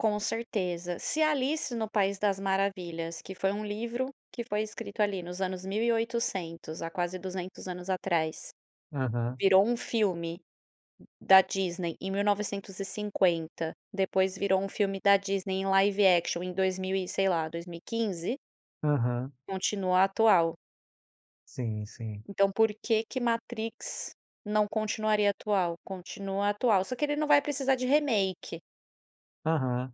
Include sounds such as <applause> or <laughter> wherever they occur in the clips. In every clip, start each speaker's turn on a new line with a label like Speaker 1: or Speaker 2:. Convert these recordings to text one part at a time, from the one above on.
Speaker 1: Com certeza. Se Alice no País das Maravilhas, que foi um livro que foi escrito ali nos anos 1800, há quase 200 anos atrás,
Speaker 2: Aham.
Speaker 1: virou um filme da Disney em 1950, depois virou um filme da Disney em live action em dois mil e, sei lá, 2015
Speaker 2: Aham.
Speaker 1: continua atual.
Speaker 2: Sim, sim.
Speaker 1: Então, por que que Matrix não continuaria atual? Continua atual, só que ele não vai precisar de remake.
Speaker 2: Aham.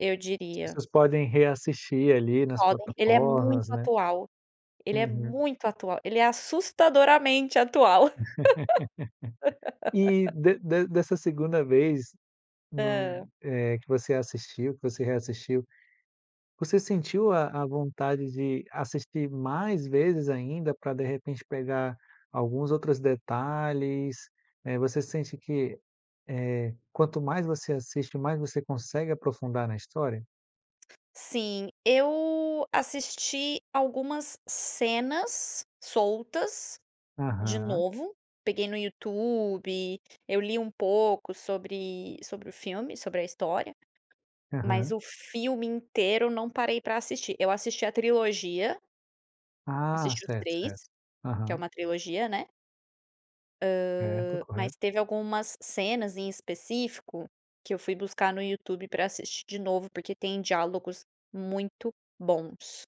Speaker 1: Eu diria.
Speaker 2: Vocês podem reassistir ali nas
Speaker 1: <unintelligible> Ele é muito
Speaker 2: plataformas, né
Speaker 1: atual, ele é
Speaker 2: Uhum.
Speaker 1: muito atual. Ele é assustadoramente atual.
Speaker 2: <laughs> E
Speaker 1: <laughs>
Speaker 2: de de dessa 2º vez, no
Speaker 1: Hã.
Speaker 2: eh, que você assistiu, que você reassistiu, você sentiu a a vontade de assistir mais vezes ainda, pra, de repente, pegar alguns outros detalhes, né. Você sente que, eh, quanto mais você assiste, mais você consegue aprofundar na história?
Speaker 1: Sim. Eu assisti algumas cenas soltas de
Speaker 2: Aham.
Speaker 1: novo. Peguei no YouTube, eu li um pouco sobre sobre o filme sobre a história, mas
Speaker 2: Aham.
Speaker 1: o filme inteiro não parei para assistir. Eu assisti a trilogia
Speaker 2: Ah,
Speaker 1: Assisti os
Speaker 2: certo,
Speaker 1: 3.
Speaker 2: certo.
Speaker 1: Que é
Speaker 2: Aham.
Speaker 1: um trilogia, né.
Speaker 2: Certo,
Speaker 1: Hã, mas
Speaker 2: correto.
Speaker 1: teve algumas cenas, em específico, que eu fui buscar no YouTube para assistir de novo, porque tem diálogos muito bons.